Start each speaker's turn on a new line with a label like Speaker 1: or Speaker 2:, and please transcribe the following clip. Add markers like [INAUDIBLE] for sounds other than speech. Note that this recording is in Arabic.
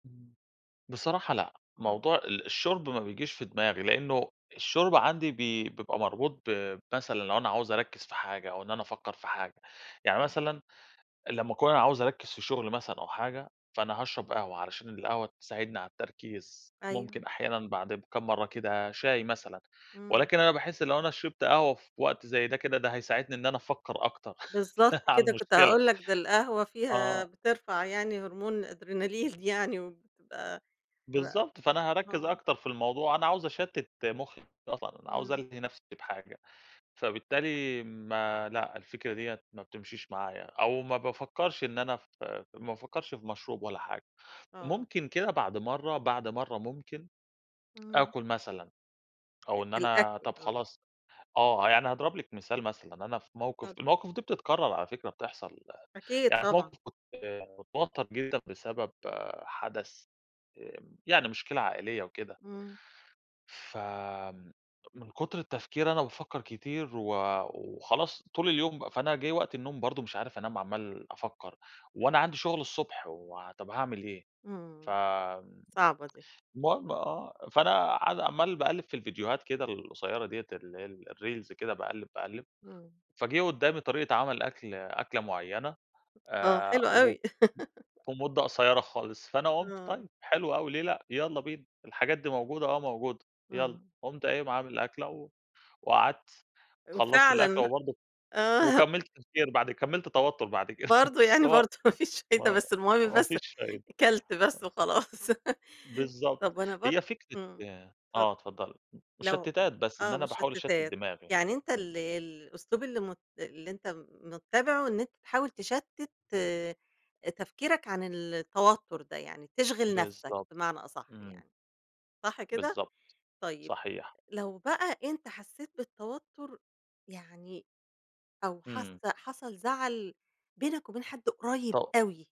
Speaker 1: إمم، بصراحة لأ،
Speaker 2: إمم.
Speaker 1: موضوع ال الشُرب ما بييجيش في دماغي، لأنه الشُرب عندي بي بيبقى مربوط ب مثلًا لو أنا عايِز أركّز في حاجة أو إن أنا أفكّر في حاجة. يعني
Speaker 2: إمم.
Speaker 1: مثلًا لمّا أكون أنا عايِز أركّز في شُغل مثلًا أو حاجة، فأنا هاشرَب قهوة علشان القهوة تساعدني على التركيز،
Speaker 2: أيوه.
Speaker 1: ممكن أحيانًا بعد كام مرَّة كده شاي مثلًا.
Speaker 2: إمم.
Speaker 1: ولكن أنا باحس لو أنا شربت قهوة في وقت زي ده، كده ده هيساعدني إن أنا أفكّر أكتَر
Speaker 2: بالضبط
Speaker 1: [CHUCKLES] على
Speaker 2: كده، كنت
Speaker 1: المشكلة.
Speaker 2: هاقول لك ده القهوة فيها
Speaker 1: آه.
Speaker 2: بترفَع يعني هرمون الأدرينالين يعني وبتبقى ب بت
Speaker 1: بالضبط، فأنا هأركّز
Speaker 2: آه.
Speaker 1: أكتر في الموضوع، أنا عايِز أشتِّت مُخي أصلًا، أنا عايِز
Speaker 2: إمم.
Speaker 1: ألهِي نفسي بحاجة. فبالتالي ما لأ، الفكرة ديَّة ما بتمشيش معايا، أو ما بافكّرش إن أنا في في ما بافكّرش في مشروب ولا حاجة،
Speaker 2: آه.
Speaker 1: ممكن كده بعد مرَّة بعد مرَّة ممكن
Speaker 2: إمم.
Speaker 1: آكُل مثلًا
Speaker 2: أ
Speaker 1: أو إن أنا
Speaker 2: الأكل،
Speaker 1: طب
Speaker 2: آه.
Speaker 1: خلاص آه، يعني هاضرب لِك مثال، مثلًا أنا في موقف
Speaker 2: اتفضل.
Speaker 1: المواقف دي بتِّتكرَّر على فكرة، بتحصل.
Speaker 2: أكيد
Speaker 1: يعني في
Speaker 2: طبعًا.
Speaker 1: موقف كُنت متوتّر جدًا بسبب حدَث، آآ، يعني مشكلة عائلية وكده.
Speaker 2: إمم.
Speaker 1: فمن كُتر التفكير، أنا بافكّر كتير و وخلاص طول اليوم بقى. فأنا جِه وقت النوم برضه مش عارِف أنام، عمَّال أفكّر وأنا عندي شُغل الصبح، وطب هاعمل إيه؟ ف
Speaker 2: إمم، صعبة دي.
Speaker 1: المهم، آه فأنا قاعِد عمَّال باقلِّب في الفيديوهات كده القصيرة ديّة، اللي هي الreels كده، باقلِّب باقلِّب،
Speaker 2: إمم.
Speaker 1: فجه قُدَّامي طريقة عمل أكل أكلة معيَّنة
Speaker 2: هو
Speaker 1: آآ،
Speaker 2: حلو
Speaker 1: و
Speaker 2: أوي. [LAUGHS]
Speaker 1: ومدة قصيرة خالص، فأنا قُلت
Speaker 2: آه.
Speaker 1: طيب حلو أوي، ليه لأ، يالّا بينا، الحاجات دي موجودة، آه موجودة، يالّا،
Speaker 2: آه.
Speaker 1: قُمت قايِم عامِل أكلة، و وقعدت، خلَّصت الأكلة،
Speaker 2: وفعلًا
Speaker 1: وبرضه
Speaker 2: آه.
Speaker 1: وكمَّلت تفكير بعد كمَّلت توتُّر بعد كده، [CHUCKLES]
Speaker 2: برضه
Speaker 1: بس
Speaker 2: يعني
Speaker 1: هو
Speaker 2: برضه ما فيش فايدة،
Speaker 1: ما
Speaker 2: بس المهم
Speaker 1: ما
Speaker 2: بس
Speaker 1: فيش فايدة.
Speaker 2: أكلت
Speaker 1: أ
Speaker 2: بس وخلاص. [LAUGHS]
Speaker 1: بالضبط،
Speaker 2: طب أنا برضه
Speaker 1: هي فكرة
Speaker 2: إمم، اتفضل.
Speaker 1: آه اتفضَّلي، م
Speaker 2: لو
Speaker 1: مُشَتِّتات، بس إن
Speaker 2: آه،
Speaker 1: أنا باحاول أشتِّت
Speaker 2: مُشَتِّتات
Speaker 1: دماغي،
Speaker 2: يعني أنتَ
Speaker 1: إمم.
Speaker 2: ال الأسلوب اللي م اللي أنتَ مُتَّبِعه، إن أنتَ تحاول تَشتِّت آآ، تفكيرك عن ال التوتر ده يعني، تشغَل نفسك
Speaker 1: بالضبط،
Speaker 2: بمعنى أصح
Speaker 1: إمم.
Speaker 2: يعني، صح كده؟
Speaker 1: بالضبط،
Speaker 2: طيب
Speaker 1: صحيح.
Speaker 2: لو بقى أنتَ حسّيت بالتوتر يعني أو حاسَّة
Speaker 1: إمم.
Speaker 2: حصل زعل بينك وبين حد قريب
Speaker 1: طب
Speaker 2: أوي